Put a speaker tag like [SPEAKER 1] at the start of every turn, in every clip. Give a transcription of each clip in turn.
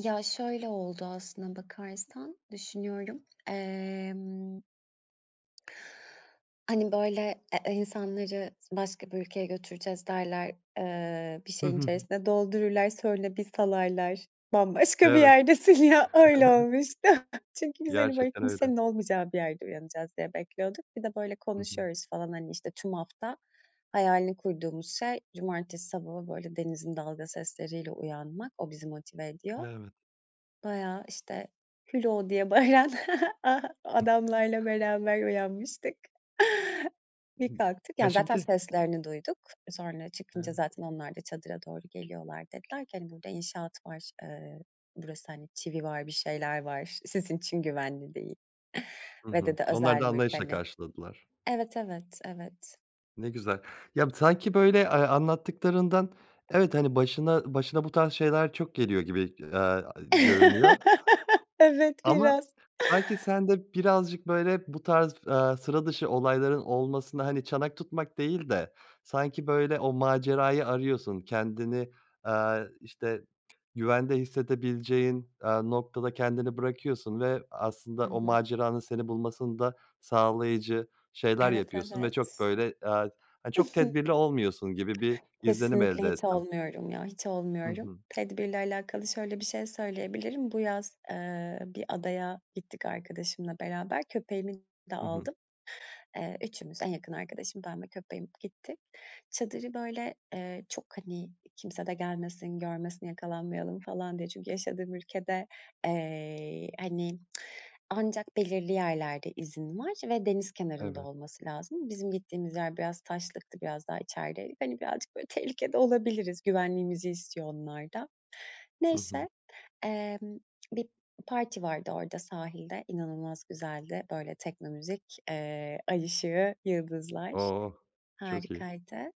[SPEAKER 1] Ya şöyle oldu aslına bakarsan düşünüyorum. Emm Hani böyle, eee, insanları s başka bir ülkeye götüreceğiz derler, ııı, bir şeyin içerisine doldururlar, sonra bir salarlar. Bambaşka bir
[SPEAKER 2] Evet.
[SPEAKER 1] yerdesin ya öyle olmuştu çünkü biz hani böyle
[SPEAKER 2] Gerçekten öyle.
[SPEAKER 1] kimsenin olmayacağı bir yerde uyanacağız diye bekliyorduk. Bir de böyle
[SPEAKER 2] Hı hı.
[SPEAKER 1] konuşuyoruz falan hani, işte, tüm hafta hayalini kurduğumuz şey cumartesi sabahı böyle denizin dalga sesleriyle uyanmak o bizi motive ediyor.
[SPEAKER 2] Evet.
[SPEAKER 1] Bayağı, işte, "Hülo!" diye bağıran adamlarla beraber uyanmıştık. Bir kalktık,
[SPEAKER 2] Ya
[SPEAKER 1] yani zaten
[SPEAKER 2] şimdi
[SPEAKER 1] seslerini duyduk. Sonra çıkınca
[SPEAKER 2] Evet.
[SPEAKER 1] zaten onlar da çadıra doğru geliyorlar. Dediler ki: "Hani burada inşaat var, ııı, burası hani çivi var, bir şeyler var, sizin için güvenli değil."
[SPEAKER 2] Hı
[SPEAKER 1] ve
[SPEAKER 2] hı.
[SPEAKER 1] dedi,
[SPEAKER 2] Onlar
[SPEAKER 1] "Özel
[SPEAKER 2] da
[SPEAKER 1] mülk."
[SPEAKER 2] anlayışla
[SPEAKER 1] hani.
[SPEAKER 2] karşıladılar.
[SPEAKER 1] Evet, evet, evet.
[SPEAKER 2] Ne güzel ya b sanki böyle, eee, anlattıklarından evet, hani, başına başına bu tarz şeyler çok geliyor gibi, eee, aaa, görünüyor.
[SPEAKER 1] Evet,
[SPEAKER 2] Ama
[SPEAKER 1] biraz.
[SPEAKER 2] sanki sen de birazcık böyle bu tarz f aaa, sıra dışı olayların olmasına, hani, çanak tutmak değil de, sanki böyle o macerayı arıyorsun kendini, aaa, işte, t güvende hissedebileceğin, aaa, noktada kendini bırakıyorsun ve aslında
[SPEAKER 1] I
[SPEAKER 2] o
[SPEAKER 1] hı.
[SPEAKER 2] maceranın seni bulmasını da sağlayıcı şeyler
[SPEAKER 1] Evet,
[SPEAKER 2] yapıyorsun ve çok
[SPEAKER 1] evet.
[SPEAKER 2] böyle, aaa, hani, çok tedbirli olmuyorsun gibi bir izlenim
[SPEAKER 1] Kesinlikle
[SPEAKER 2] elde
[SPEAKER 1] hiç
[SPEAKER 2] ettim.
[SPEAKER 1] olmuyorum ya, hiç
[SPEAKER 2] Hı
[SPEAKER 1] olmuyorum.
[SPEAKER 2] hı.
[SPEAKER 1] Tedbirle alakalı şöyle bir şey söyleyebilirim. Bu yaz, eee, bir adaya gittik arkadaşımla beraber köpeğimi de
[SPEAKER 2] Hı hı.
[SPEAKER 1] aldım. Eee, üçümüz en yakın arkadaşım ben ve köpeğim gittik. Çadırı böyle, eee, çok, hani, kimse de gelmesin, görmesin, yakalanmayalım falan diye çünkü yaşadığım ülkede, eee, y hani, ancak belirli yerlerde izin var ve deniz kenarında
[SPEAKER 2] Evet.
[SPEAKER 1] olması lazım. Bizim gittiğimiz yer biraz taşlıktı, biraz daha içerideydik. Hani, birazcık böyle tehlikede olabiliriz, güvenliğimizi istiyor onlar da.
[SPEAKER 2] Hı hı.
[SPEAKER 1] Neyse, emm, bir parti vardı orada sahilde. İnanılmaz güzeldi. Böyle tekno müzik, eee, ay ışığı, yıldızlar.
[SPEAKER 2] Oh çok iyi.
[SPEAKER 1] Harikaydı.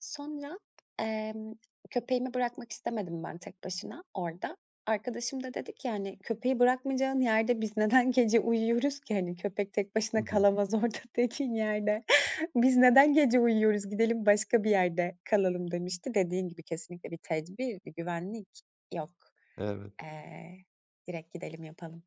[SPEAKER 1] Sonra, emm, köpeğimi bırakmak istemedim ben tek başına orada. Arkadaşım da dedi ki hani: "Köpeği bırakmayacağın yerde biz neden gece uyuyoruz ki, hani, köpek tek
[SPEAKER 2] Hı
[SPEAKER 1] başına
[SPEAKER 2] hı.
[SPEAKER 1] kalamaz orada tekin yerde. Biz neden gece uyuyoruz gidelim başka bir yerde kalalım." demişti. Dediğin gibi kesinlikle bir tedbir, bir güvenlik yok.
[SPEAKER 2] Evet.
[SPEAKER 1] Eee, direkt gidelim yapalım.